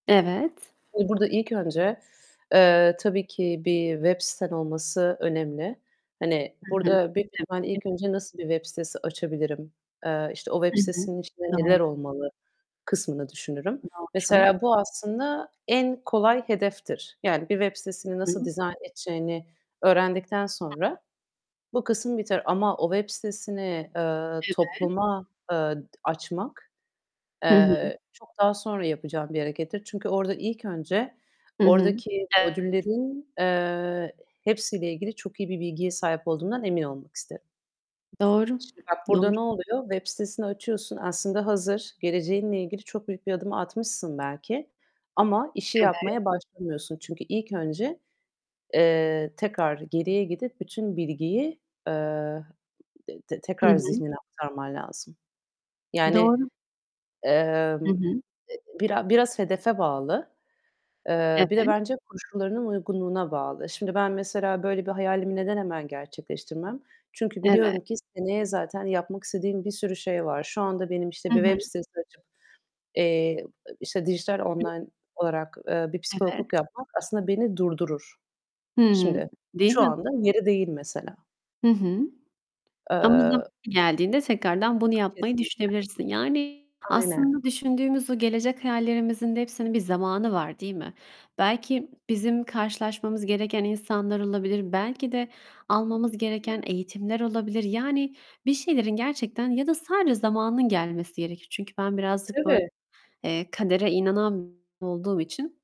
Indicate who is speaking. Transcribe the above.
Speaker 1: Evet.
Speaker 2: Şimdi burada ilk önce, eee, tabii ki bir web siten olması önemli. Hani,
Speaker 1: Hı hı.
Speaker 2: burada büyük bir ihtimalle
Speaker 1: [unintelligible]
Speaker 2: ilk önce "Nasıl bir web sitesi açabilirim?" Eee, işte, "O web
Speaker 1: Hı hı.
Speaker 2: sitesinin içinde
Speaker 1: Doğru.
Speaker 2: neler olmalı?" kısmını düşünürüm.
Speaker 1: Doğru.
Speaker 2: Mesela bu aslında en kolay hedeftir. Yani, bir web sitesini
Speaker 1: Hı
Speaker 2: nasıl
Speaker 1: hı.
Speaker 2: dizayn edeceğini öğrendikten sonra bu kısım biter ama o web sitesini, eee,
Speaker 1: Evet.
Speaker 2: topluma, eee, d açmak,
Speaker 1: Hı hı.
Speaker 2: eee, çok daha sonra yapacağım bir harekettir. Çünkü orada ilk önce
Speaker 1: Hı hı.
Speaker 2: oradaki
Speaker 1: Evet.
Speaker 2: modüllerin, eee, hepsiyle ilgili çok iyi bir bilgiye sahip olduğumdan emin olmak isterim.
Speaker 1: Doğru.
Speaker 2: Şimdi bak, burada
Speaker 1: Doğru.
Speaker 2: ne oluyor? Web sitesini açıyorsun, aslında hazır. Geleceğinle ilgili çok büyük bir adım atmışsın belki ama işi
Speaker 1: Evet.
Speaker 2: yapmaya başlamıyorsun. Çünkü ilk önce, eee, tekrar geriye gidip bütün bilgiyi, eee, d d
Speaker 1: Hı
Speaker 2: tekrar
Speaker 1: hı.
Speaker 2: zihnine aktarman lazım. Yani,
Speaker 1: Doğru. Hı
Speaker 2: emm,
Speaker 1: hı.
Speaker 2: e bira biraz hedefe bağlı.
Speaker 1: Evet.
Speaker 2: Eee, bir de bence koşullarının uygunluğuna bağlı. Şimdi ben mesela böyle bir hayalimi neden hemen gerçekleştirmem? Çünkü
Speaker 1: Evet.
Speaker 2: biliyorum ki seneye zaten yapmak istediğim bir sürü şey var. Şu anda benim, işte
Speaker 1: Hı
Speaker 2: bir
Speaker 1: hı.
Speaker 2: web sitesi açıp, eee, işte dijital
Speaker 1: Hı.
Speaker 2: online olarak, eee, bir
Speaker 1: Evet.
Speaker 2: psikologluk yapmak aslında beni durdurur.
Speaker 1: Hı hı.
Speaker 2: Şimdi,
Speaker 1: Değil
Speaker 2: şu
Speaker 1: mi?
Speaker 2: anda yeri değil mesela.
Speaker 1: Hı hı. Ama zamanı
Speaker 2: Eee
Speaker 1: geldiğinde tekrardan bunu yapmayı
Speaker 2: Kesinlikle.
Speaker 1: düşünebilirsin. Yani
Speaker 2: Aynen.
Speaker 1: aslında düşündüğümüz o gelecek hayallerimizin de hepsinin bir zamanı var, değil mi? Belki bizim karşılaşmamız gereken insanlar olabilir, belki de almamız gereken eğitimler olabilir. Yani bir şeylerin gerçekten ya da sadece zamanının gelmesi gerekir. Çünkü ben birazcık böyle,
Speaker 2: Tabii.
Speaker 1: eee, kadere inanan olduğum için